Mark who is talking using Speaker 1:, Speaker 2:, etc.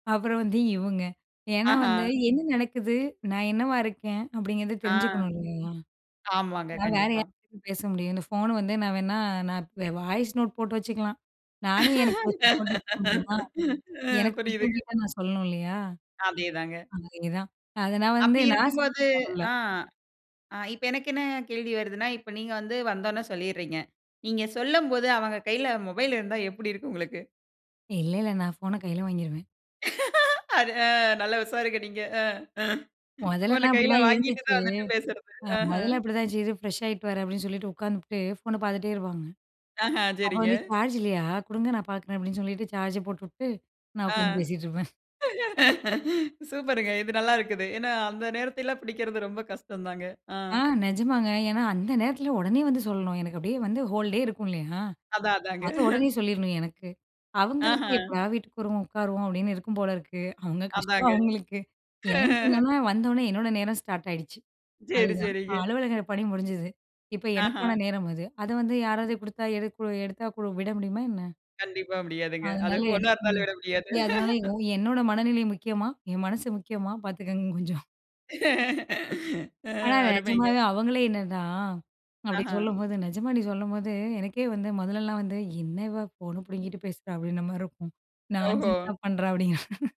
Speaker 1: அப்புறம் வந்து இவங்க ஏன்னா
Speaker 2: ஆஹா.
Speaker 1: வந்து என்ன நடக்குது நான் என்னவா இருக்கேன் அப்படிங்கிறத
Speaker 2: ஆ.
Speaker 1: தெரிஞ்சுக்கணும் இல்லயா?
Speaker 2: ஆமாங்க.
Speaker 1: நான் வேற
Speaker 2: கண்டிப்பா.
Speaker 1: யார்கிட்ட பேச முடியும் இந்த ஃபோன் வந்து நான் வேணா நான் வாய்ஸ் நோட் போட்டு வச்சுக்கலா நானே எனக்கு போட்டுக்க முடியுமா?
Speaker 2: அ
Speaker 1: எனக்கு பிடிச்சவங்க
Speaker 2: புரியுதுங்க.
Speaker 1: கிட்ட நான் சொல்லணும் இல்லையா?
Speaker 2: அதேதாங்க.
Speaker 1: அதேதான். அத நான் வந்து
Speaker 2: அப்படி
Speaker 1: நாச [unintelligible]
Speaker 2: இருக்கும்போது
Speaker 1: பண்ல,
Speaker 2: ஆ அ இப்ப எனக்கு என்ன கேள்வி வருதுன்னா இப்ப நீங்க வந்து வந்தொன்ன சொல்லிறீங்க. நீங்க சொல்லும்போது அவங்க கையில மொபைல் இருந்தா எப்படி இருக்கும் உங்களுக்கு?
Speaker 1: இல்ல, இல்ல நான் ஃபோன்ன கையில வாங்கிருவேன்.
Speaker 2: அது அ நல்லா உஷாருங்க நீங்க அ
Speaker 1: மொதல்லலா
Speaker 2: ஃபோன கையில
Speaker 1: அப்படிதான்
Speaker 2: வாங்கிட்டு
Speaker 1: இருந்துச்சு.
Speaker 2: தான் வந்துட்டு பேசுறது.
Speaker 1: அ
Speaker 2: அஹ.
Speaker 1: மொதல்ல அப்படித்தான்யிருச்சு இரு ஃப்ரெஷ்ஷாயிட்டு வரேன் அப்படின்னு சொல்லிட்டு, உட்காந்துபுட்டு ஃபோன்ன பார்த்துட்டே இருப்பாங்க.
Speaker 2: அஹ,
Speaker 1: அப்ப
Speaker 2: சரிங்க.
Speaker 1: வந்து சார்ஜ் இல்லையா கொடுங்க நான் பார்க்குறேன் அப்படின்னு சொல்லிட்டு சார்ஜ போட்டுட்டு நான்
Speaker 2: அ.
Speaker 1: உட்காந்து பேசிட்ருப்பேன்.
Speaker 2: சூப்பர்ங்க இது நல்லா இருக்குது. ஏன்னா அந்த நேரத்தில்ல புடிக்கிறது ரொம்ப கஷ்டம் தாங்க. அ.
Speaker 1: ஆ நிஜமாங்க. ஏன்னா அந்த நேரத்தில உடனே வந்து சொல்லணும் எனக்கு அப்படியே வந்து ஹோல்டே இருக்கும் இல்லையா,
Speaker 2: அதா, அதாங்க.
Speaker 1: அத உடனே சொல்லிறணும் எனக்கு. அவங்களுக்கு
Speaker 2: அஹ.
Speaker 1: "எப்படா வீட்டுக்கு வருவோம் உட்காருவோம்" அப்படின்னு இருக்கும் போல இருக்கு. அவுங்க கஷ்டம்
Speaker 2: அதாங்க.
Speaker 1: அவுங்களுக்கு. எனக்கு என்னன்னா வந்த உடனே என்னோட நேரம் ஸ்டார்ட் ஆயிடுச்சு.
Speaker 2: சேரி,
Speaker 1: அதுதான். அ
Speaker 2: சேரிங்க.
Speaker 1: அலுவலக பணி முடிஞ்சுது. இப்ப
Speaker 2: அஹ.
Speaker 1: எனக்கான நேரம் அது. அத வந்து யாராவது கொடுத்தா எடு எடுத்தா கூட விட முடியுமா என்ன?
Speaker 2: கண்டிப்பா முடியாதுங்க. அது
Speaker 1: அதனால எனக்கு
Speaker 2: ஃபோன்னா இருந்தாலும்
Speaker 1: [unintelligible]
Speaker 2: விட முடியாது.
Speaker 1: அதனால யோ என்னோட மனநிலை முக்கியமா? என் மனசு முக்கியமா? பார்த்துக்கோங்க கொஞ்சம்,
Speaker 2: அ
Speaker 1: ஆனா
Speaker 2: அருமைங்க.
Speaker 1: நிஜமாவே அவங்களே என்னனா அப்படி
Speaker 2: அஹா.
Speaker 1: சொல்லும்போது நிஜமா "நீ சொல்லும்போது எனக்கே வந்து மொதல்லலாம் வந்து என்ன இவா ஃபோனை புடுங்கிட்டு பேசுறா, அப்படின்ற மாரி இருக்கும்
Speaker 2: ஓஹோ!
Speaker 1: நான்சென்ஸா பண்ணுறா" அப்படிங்கிற,